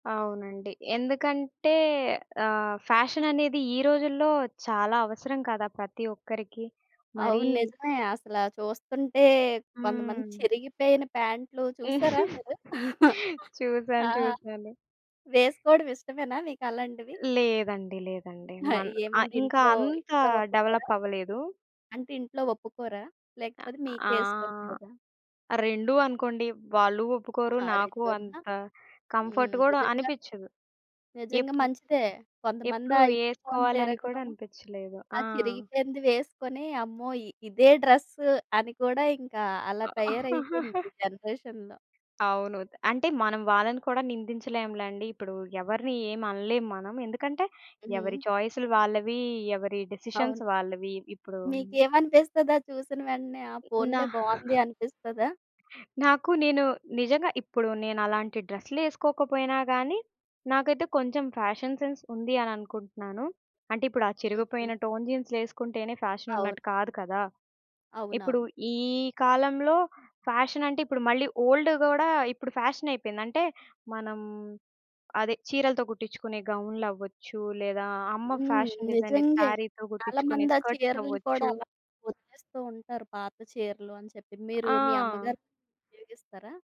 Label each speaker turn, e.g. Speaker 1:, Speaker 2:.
Speaker 1: అవునండి. ఎందుకంటే ఆహ్, ఫ్యాషననేది ఈ రోజుల్లో చాలా అవసరం కదా! ప్రతి ఒక్కరికి. మరీ
Speaker 2: అవును. నిజమే అసల చూస్తంటే కొంతమంది
Speaker 1: హ్మ్.
Speaker 2: చిరిగిపోయిన ప్యాంటులు చూసారా మీరు? ఆ!
Speaker 1: చూసాను. చూసాను.
Speaker 2: వేసుకోడం ఇష్టమేనా మీకలాంటివి?
Speaker 1: లేదండి లేదండి.
Speaker 2: ఆ!
Speaker 1: మన్ ఆ!
Speaker 2: ఏమంటే
Speaker 1: ఇంక
Speaker 2: ఇంట్లో,
Speaker 1: అంతా
Speaker 2: ఇంట్లో
Speaker 1: డెవలప్
Speaker 2: ఒప్పుకోరా?
Speaker 1: అవ్వలేదు.
Speaker 2: అంటే ఇంట్లో ఒప్పుకోరా?
Speaker 1: అ
Speaker 2: లేకపోతే
Speaker 1: ఆ!
Speaker 2: మీకే ఇష్టం లేదా?
Speaker 1: రెండు అనుకోండి. వాళ్ళు ఒప్పుకోరు
Speaker 2: ఆహా!
Speaker 1: నాకు
Speaker 2: రెండునా.
Speaker 1: అంత కంఫర్ట్
Speaker 2: హ్మ్.
Speaker 1: గూడా
Speaker 2: నిజంగా.
Speaker 1: అనిపిచ్చదు.
Speaker 2: నిజంగా
Speaker 1: ఎప్పుడు
Speaker 2: మంచిదే. కొంతమంది
Speaker 1: ఎప్పుడూ
Speaker 2: ఆ ఇప్పుకొని
Speaker 1: ఏసుకోవాలని కూడా
Speaker 2: తిరగడం.
Speaker 1: అనిపిచ్చలేదు.
Speaker 2: ఆ
Speaker 1: ఆ!
Speaker 2: చిరిగిపోయింది వేసుకొని అమ్మో! ఇదే డ్రెస్సు అని కూడా ఇంకా అలా తయారైపోయింది ఈ జనరేషన్‌లో.
Speaker 1: అవును. అంటే మనం వాళ్ళని కూడా నిందించలేంలెండి. ఇప్పుడు ఎవరిని ఏం అనలేం మనం. ఎందుకంటే ఎవరి
Speaker 2: హ్మ్.
Speaker 1: చాయిసులు వాళ్ళవి. ఎవరి
Speaker 2: అవును.
Speaker 1: డిసిషన్స్ వాళ్ళవి. ఇప్పుడూ
Speaker 2: మీకేమనిపిస్తది అది చూసిన వెంటనే ఆ
Speaker 1: హ్మ్, నా
Speaker 2: పోన్లే బావుంది అనిపిస్తదా?
Speaker 1: నాకు నేను నిజంగా ఇప్పుడు నేనలాంటి డ్రెసులు ఏసుకోకపోయినా గానీ నాకైతే కొంచేం ఫ్యాషన్ సెన్స్ ఉంది. అని అనుకుంటున్నాను. అంటే ఇప్పుడు ఆ
Speaker 2: హుహు.
Speaker 1: చిరిగిపోయిన టోన్ జీన్సులు ఏసుకుంటేనే
Speaker 2: అవును.
Speaker 1: ఫ్యాషనున్నట్టు కాదు కదా! ఇప్పుడు
Speaker 2: అవునవును.
Speaker 1: ఈ కాలంలో ఫ్యాషనంటే ఇప్పుడు మళ్ళీ ఓల్డ్ గూడా ఇప్పుడు ఫ్యాషనయిపోయింది. అంటే మనం అదే చీరలతో గుట్టించుకునే గౌన్లవచ్చు లేదా అమ్మ
Speaker 2: హ్మ్.
Speaker 1: Fashion designer
Speaker 2: నిజంగే.
Speaker 1: సారీతో
Speaker 2: చాలా
Speaker 1: గుట్టించుకునే
Speaker 2: మంది ఆ
Speaker 1: స్కర్ట్స్
Speaker 2: చీరలను కూడా
Speaker 1: అవ్వచ్చు.
Speaker 2: అలా ఒదిలేస్తూ ఉంటారు. పాత చీరలు అని చెప్పి మీరు మీ
Speaker 1: ఆ!
Speaker 2: అమ్మగారి చీరలు ఉపయోగిస్తారా?